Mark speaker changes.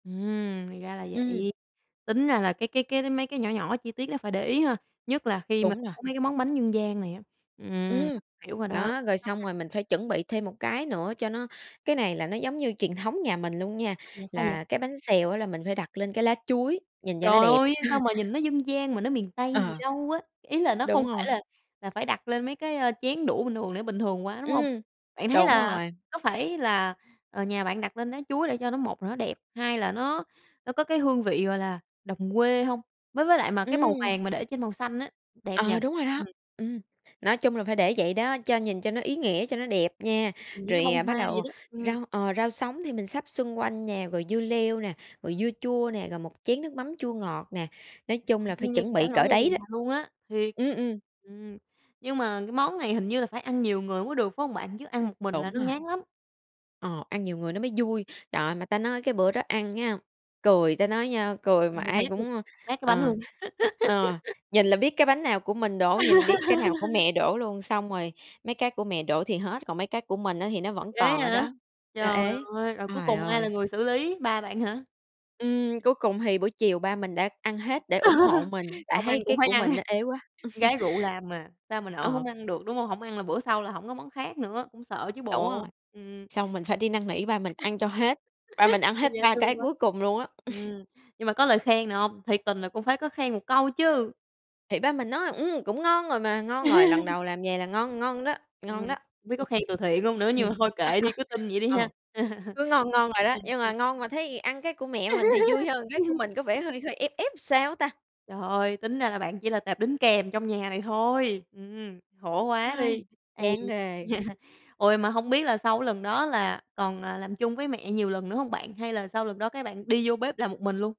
Speaker 1: Ừm, thì ra là
Speaker 2: Ừm.
Speaker 1: vậy. Tính ra là cái cái cái mấy cái nhỏ nhỏ chi tiết đó phải để ý ha. Nhất là khi mà
Speaker 2: Đúng rồi.
Speaker 1: mấy cái món bánh dân gian này á. Ừm,
Speaker 2: Ừm,
Speaker 1: hiểu rồi đó.
Speaker 2: đó rồi
Speaker 1: Khó
Speaker 2: xong
Speaker 1: khăn
Speaker 2: rồi mình phải chuẩn bị thêm một cái nữa cho nó cái này là nó giống như truyền thống nhà mình luôn nha.
Speaker 1: À vậy, sao vậy?
Speaker 2: Là cái bánh xèo á là mình phải đặt lên cái lá chuối nhìn cho
Speaker 1: Trời
Speaker 2: nó đẹp.
Speaker 1: ơi, sao mà nhìn nó dân gian mà nó miền Tây gì
Speaker 2: Ờ.
Speaker 1: đâu á. Ý là nó không
Speaker 2: Đúng
Speaker 1: phải
Speaker 2: rồi.
Speaker 1: là là phải đặt lên mấy cái, a, chén đũa bình thường để bình thường quá, đúng hông?
Speaker 2: Ừm,
Speaker 1: Bạn thấy
Speaker 2: đúng
Speaker 1: là
Speaker 2: rồi.
Speaker 1: có phải là, ờ, nhà bạn đặt lên lá chuối để cho nó, một là nó đẹp, hai là nó nó có cái hương vị, gọi là, đồng quê hông? Với với lại mà cái màu
Speaker 2: Ừm.
Speaker 1: vàng mà để trên màu xanh á, đẹp nhỉ?
Speaker 2: Ờ, đúng rồi đó.
Speaker 1: Ừm.
Speaker 2: Ừm, nói chung là phải để vậy đó, cho nhìn cho nó ý nghĩa cho nó đẹp nha.
Speaker 1: Như
Speaker 2: Rồi,
Speaker 1: bông
Speaker 2: à, bắt
Speaker 1: hoa vậy
Speaker 2: đầu
Speaker 1: đó. Ừm.
Speaker 2: rau ờ, rau sống thì mình sắp xung quanh nè, rồi dưa leo nè, rồi dưa chua nè, rồi một chén nước mắm chua ngọt nè, nói chung là, phải
Speaker 1: Thiên nhiên,
Speaker 2: chuẩn
Speaker 1: đã
Speaker 2: bị
Speaker 1: nổi
Speaker 2: cỡ
Speaker 1: da gà
Speaker 2: đấy đó.
Speaker 1: luôn á, thiệt.
Speaker 2: Ừm, ừm.
Speaker 1: Ừm, nhưng mà cái món này hình như là phải ăn nhiều người mới được phải hông bạn, chứ ăn một mình là
Speaker 2: Đúng
Speaker 1: nó
Speaker 2: rồi.
Speaker 1: ngán lắm.
Speaker 2: Ờ, ăn nhiều người nó mới vui. Trời ơi, mà ta nói cái bữa đó ăn nha, cười ta nói nha, cười mà
Speaker 1: Be
Speaker 2: ai
Speaker 1: bét luôn,
Speaker 2: cũng, ơ,
Speaker 1: nát cái bánh
Speaker 2: ờ,
Speaker 1: luôn
Speaker 2: ờ,
Speaker 1: á.
Speaker 2: nhìn là biết cái bánh nào của mình đổ, nhìn biết cái nào của mẹ đổ luôn. Xong rồi mấy cái của mẹ đổ thì hết, còn mấy cái của mình á thì nó vẫn
Speaker 1: Ghê
Speaker 2: còn ở
Speaker 1: vậy!
Speaker 2: đó. Nó
Speaker 1: Trời
Speaker 2: ế,
Speaker 1: ơi, rồi cuối
Speaker 2: trời
Speaker 1: cùng ai là
Speaker 2: ơi.
Speaker 1: người xử lý, ba bạn hả?
Speaker 2: Ừm, cuối cùng thì buổi chiều ba mình đã ăn hết để ủng hộ mình tại
Speaker 1: Không
Speaker 2: thấy
Speaker 1: ăn cũng
Speaker 2: cái
Speaker 1: phải
Speaker 2: của
Speaker 1: ăn,
Speaker 2: mình nó ế quá.
Speaker 1: con gái rượu làm mà. Sao mà nỡ
Speaker 2: Ờ.
Speaker 1: hổng ăn được, đúng hông? Hổng ăn là bữa sau là hổng có món khác nữa, cũng sợ chứ
Speaker 2: Đúng rồi,
Speaker 1: bộ, ừm.
Speaker 2: xong mình phải đi năn nỉ ba mình ăn cho hết, ba mình ăn hết
Speaker 1: Dễ
Speaker 2: 3 cái
Speaker 1: thương quá.
Speaker 2: cuối cùng luôn á.
Speaker 1: Ừm, nhưng mà có lời khen nào hông? Thiệt tình là cũng phải có khen một câu chứ.
Speaker 2: Thì ba mình nói: "Ừm, cũng ngon rồi mà ngon rồi, lần đầu làm vầy là ngon, ngon đó,
Speaker 1: Ừm,
Speaker 2: ngon
Speaker 1: không
Speaker 2: đó."
Speaker 1: biết có
Speaker 2: Ừm.
Speaker 1: khen từ thiện không nữa,
Speaker 2: Ừm.
Speaker 1: nhưng mà thôi kệ đi, cứ tin vậy đi
Speaker 2: Ờ,
Speaker 1: ha.
Speaker 2: cứ ngon, ngon rồi đó.
Speaker 1: Ừm,
Speaker 2: Nhưng mà
Speaker 1: ừm.
Speaker 2: ngon mà thấy ăn cái của mẹ mình thì vui hơn, cái của mình có vẻ hơi hơi ép ép sao á ta?
Speaker 1: Trời ơi, tính ra là bạn chỉ là tệp đính kèm trong nhà này thôi. Ừm, khổ quá đi. Ấy
Speaker 2: Chán
Speaker 1: da.
Speaker 2: ghê.
Speaker 1: Ôi mà hông biết là sau lần đó là còn, à, làm chung với mẹ nhiều lần nữa hông bạn hay là sau lần đó các bạn đi vô bếp làm một mình luôn?